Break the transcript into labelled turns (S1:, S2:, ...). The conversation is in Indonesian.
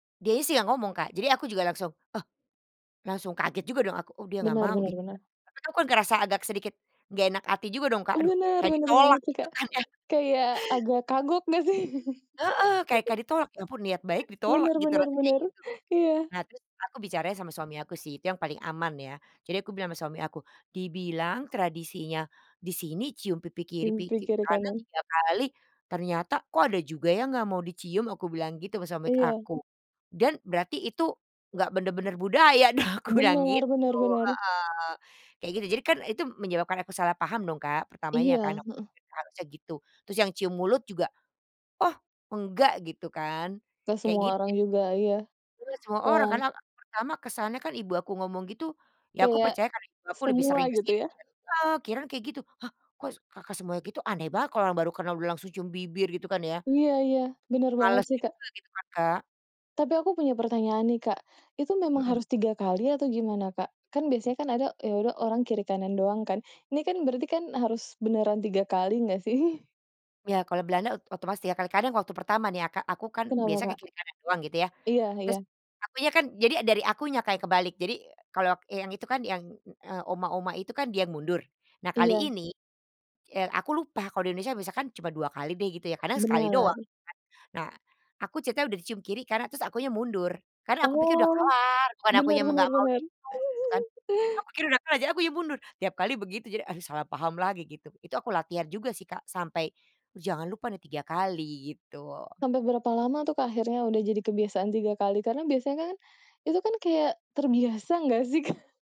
S1: Dianya sih yang ngomong Kak, jadi aku juga langsung, oh, langsung kaget juga dong aku, oh dia nggak
S2: Benar
S1: mau
S2: benar
S1: gitu kan.
S2: benar.
S1: Tapi aku kan ngerasa agak sedikit nggak enak hati juga dong, Kak,
S2: Ih,
S1: aduh
S2: bener
S1: kayak
S2: benar banget
S1: ditolak
S2: sih,
S1: gitu
S2: Kak.
S1: kan ya?
S2: Kayak agak kagok nggak sih?
S1: Heeh, kayak kayak ditolak, ya ampun niat baik ditolak
S2: Bener
S1: gitu
S2: bener
S1: rasanya kayak
S2: bener.
S1: gitu.
S2: Iya.
S1: Nah terus kan aku bicara sama suami aku sih itu yang paling aman ya, jadi aku bilang sama suami aku, "Dibilang tradisinya di sini cium pipi kiri,
S2: Cium pipi
S1: pipi
S2: kiri
S1: kanan
S2: kanan.
S1: 3 kali ternyata kok ada juga yang enggak mau dicium?" Aku bilang gitu sama suami
S2: Iya.
S1: aku, "dan berarti itu enggak bener-bener budaya dong," aku bilang
S2: Benar benar
S1: gitu,
S2: benar.
S1: heeh, kayak gitu. Jadi kan itu menyebabkan aku salah paham dong, Kak, pertamanya kan
S2: Iya,
S1: aku
S2: heeh.
S1: harusnya gitu, terus yang cium mulut juga, oh enggak gitu kan
S2: Gak
S1: kayak
S2: semua
S1: gitu
S2: orang
S1: jad
S2: juga, iya.
S1: dilihat semua orang
S2: Wah.
S1: karena aku pertama kesannya kan ibu aku ngomong gitu, ya aku
S2: Kayak,
S1: percaya karena Ibu aku lebih sering
S2: semua gitu
S1: kesini,
S2: ya?
S1: heeh, kirain kayak gitu. Hah kok kakak semuanya gitu aneh banget kalau orang baru karena udah langsung cium bibir gitu kan ya?
S2: Iya iya, bener banget
S1: Males
S2: sih, Kak.
S1: juga gitu kan, Kak?
S2: Tapi aku punya pertanyaan nih, Kak, itu memang
S1: Mhm.
S2: harus 3 kali atau gimana, Kak? Kan biasanya kan ada, eee, yaudah orang kiri kanan doang kan, ini kan berarti kan harus beneran 3 kali nggak sih?
S1: Iya, kalau Belanda o otomatis ya kadang-kadang waktu pertama nih ya, Kak, aku kan
S2: Kenapa,
S1: biasanya ke
S2: Kak?
S1: kiri kanan doang gitu ya,
S2: Iya
S1: terus
S2: iya.
S1: akunya kan jadi dari akunya kayak kebalik. Jadi kalau k yang itu kan yang, eee, oma-oma itu kan dia mundur, nah kali
S2: Iya.
S1: ini, eee, aku lupa kalau di Indonesia misalkan cuma 2 kali deh gitu ya, kadang sekali doang
S2: Benar
S1: kan, nah aku ceritanya udah dicium kiri kanan terus akunya mundur karena aku pikir udah
S2: Oh.
S1: kelar bukan
S2: Bener
S1: akunya me enggak
S2: bener
S1: mau [unintelligible]
S2: bener.
S1: gitu kan. Aku pikir udah kelar jadinya akunya mundur tiap kali begitu jadi aduh salah paham lagi gitu, itu aku latihan juga sih, Kak, sampai jangan lupa nih 3 kali gitu.
S2: Sampai berapa lama tu, Kak, akhirnya udah jadi kebiasaan 3 kali? Karena biasanya kan itu kan kayak terbiasa enggak sih, Kak?